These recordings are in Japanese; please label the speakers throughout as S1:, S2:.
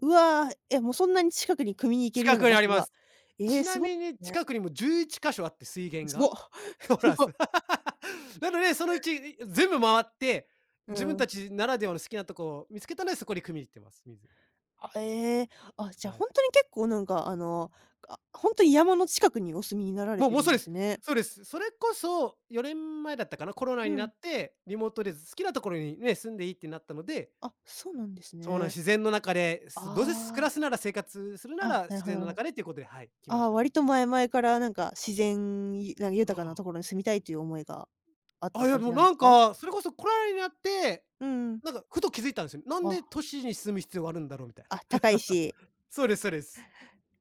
S1: うわ、え、もうそんなに近くに汲みに行けるよう
S2: 近
S1: な
S2: くに
S1: 場
S2: あり
S1: 所
S2: ま
S1: が。
S2: す。
S1: ええ、
S2: ち
S1: す
S2: な
S1: ご
S2: みに
S1: ね。
S2: 近くにも11か所あって、水源
S1: すご
S2: が。そ
S1: す
S2: うなんす。
S1: ご。
S2: なのでそのうち、全部回って、
S1: う
S2: 自分
S1: ん。
S2: たちならではの好きなとこ見つけたので、そこに汲みに行ってます、水。
S1: ええ、あ、じゃあ
S2: はい。
S1: ほんとに結構なんかあの、あ、ほんと山の近くにお住みになられ
S2: もう
S1: て
S2: も
S1: る
S2: う、
S1: ん
S2: そうで
S1: です
S2: す、
S1: ね。
S2: そうです。それこそ4年前だったかな、コロナ
S1: う
S2: にな
S1: ん。
S2: ってリモートで好きなところにね、住んでいいってなったので。
S1: あ、そうなんです
S2: そうな、
S1: ね。
S2: 自然の中で、
S1: あ
S2: すどうせ、す暮ら
S1: あ。
S2: すなら生活するな
S1: あ、
S2: ら
S1: なる
S2: 自
S1: ほどな
S2: 然
S1: る
S2: の
S1: ほ
S2: 中でということで、はい、来ま
S1: あ
S2: し
S1: あ、
S2: た。
S1: 割と前々からなんか、自然、な、
S2: あ
S1: 豊かな
S2: あ。
S1: 所に住みたいっていう思いがあっ
S2: あ、
S1: た
S2: いや
S1: 感じ
S2: もう
S1: なんで
S2: なん
S1: すか？
S2: か、それこそコロナになって、
S1: うん。
S2: なんかふと気づいたんすよ。なんで
S1: あ。
S2: 都市に住む必要があるんだろうみたいな。
S1: あ、高いし。
S2: そうですそうです。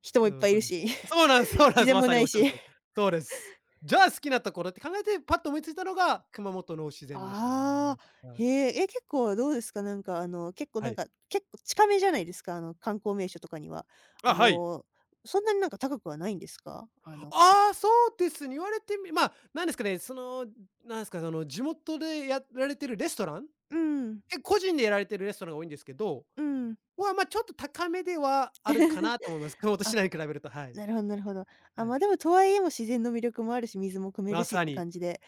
S1: 人もいっ
S2: う
S1: ぱ
S2: ん、
S1: いい
S2: そう
S1: る
S2: です。
S1: し。
S2: そうなんすそうな
S1: 自
S2: んす。
S1: 然
S2: ま
S1: も
S2: さ
S1: 無
S2: にお
S1: い
S2: っしゃる
S1: し。
S2: 通り。そうです。じゃあ好きなところって考えてパッと思いついたのが熊本の自然でした
S1: あ
S2: ね。
S1: あ。
S2: は
S1: へ
S2: い。
S1: え。え、結構どうですか？なんかあの、結構
S2: は
S1: なん
S2: い。
S1: か、結構近めじゃないですか、あの観光名所とかには。
S2: あ、
S1: あ
S2: はい。
S1: の、そんなになんか、高くはないんですか？あの
S2: ああ、そうですね、言われてみま、なんですかね、その、なんすかその、地元でやられてるレストラン、
S1: うん。
S2: え、個人でやられてるレストランが多いんですけど。
S1: うん。
S2: は、ま、ちょっと高めではあるかなと思います、熊本市
S1: あ、
S2: 内に比べると。はい。
S1: なるほどなるほど。ああ、
S2: は
S1: ま
S2: い。
S1: あ、でも、とはいえ、もう自然の魅力もあるし水も汲め
S2: ま
S1: るしっ
S2: さ
S1: て
S2: に。
S1: 感じで。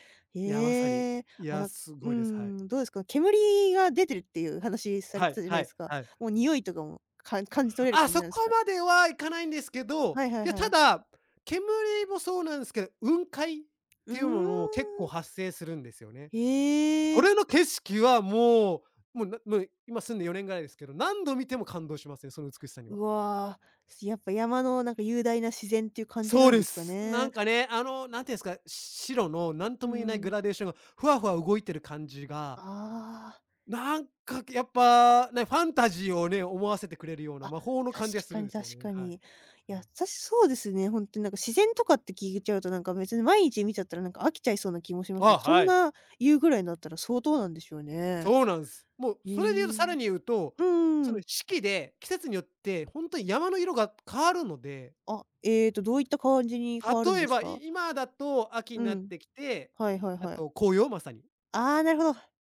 S2: いやまさに。
S1: ええ、
S2: い
S1: あ、
S2: や、
S1: なん
S2: す
S1: うー
S2: ごいです、はい。
S1: ん、どうですか、煙が出てるっていう話され
S2: は
S1: て
S2: い
S1: たじゃな
S2: は
S1: いで
S2: い
S1: すか。
S2: はい。
S1: もうにおいとかも、か感じ取れる
S2: あ、
S1: 感じ
S2: そ
S1: なんです
S2: こ
S1: か？
S2: まではいかないんですけど、
S1: はいはい
S2: いや
S1: は
S2: た
S1: い。
S2: だ、煙もそうなんすけど、雲海っ
S1: うー
S2: ていうのも結
S1: ん。
S2: 構発生するんですよね。
S1: へ
S2: こ
S1: え。
S2: れの景色はもう、もう、な、ま、今住んで４年ぐらいですけど何度見ても感動しますね、その美しさには。
S1: うわ、やっぱ山のなんか雄大な自然っていう感じ
S2: そう
S1: なんで
S2: で
S1: すか
S2: す。な
S1: ね。
S2: んかね、あのなんていうんすか、し白のなん
S1: う
S2: とも言えないグ
S1: ん。
S2: ラデーションがふわふわ動いてる感じが
S1: ああ。
S2: なんかやっぱね、ファンタジーをね、思わせてくれるような
S1: あ、
S2: 魔法の
S1: 確
S2: 感じがす
S1: か
S2: るん
S1: に
S2: ですよ
S1: 確
S2: ね、
S1: か
S2: はい。
S1: に。や、さ、そうですね、ほんっとになんか自然とかって聞いちゃうと、なんか別に毎日見ちゃったらなんか飽きちゃいそうな気もしますけ
S2: あ、
S1: ど、そん
S2: はい。
S1: な言うぐらいなったら相当なんでしょうね。
S2: そうなんす。もう
S1: へ
S2: それで言うと、さ
S1: え。
S2: らに言うと、
S1: うん
S2: そ
S1: う
S2: の
S1: ん。
S2: 四季で季節によって、ほんと山の色が変わるので。
S1: あ、ええと、どういった感じに変わるん
S2: 例
S1: で
S2: え
S1: す
S2: ば、
S1: か？
S2: い今だと秋
S1: う
S2: になっ
S1: ん、
S2: てきて、
S1: はいはい
S2: あ
S1: はい。
S2: と紅葉まさに。
S1: ああ、なるほど。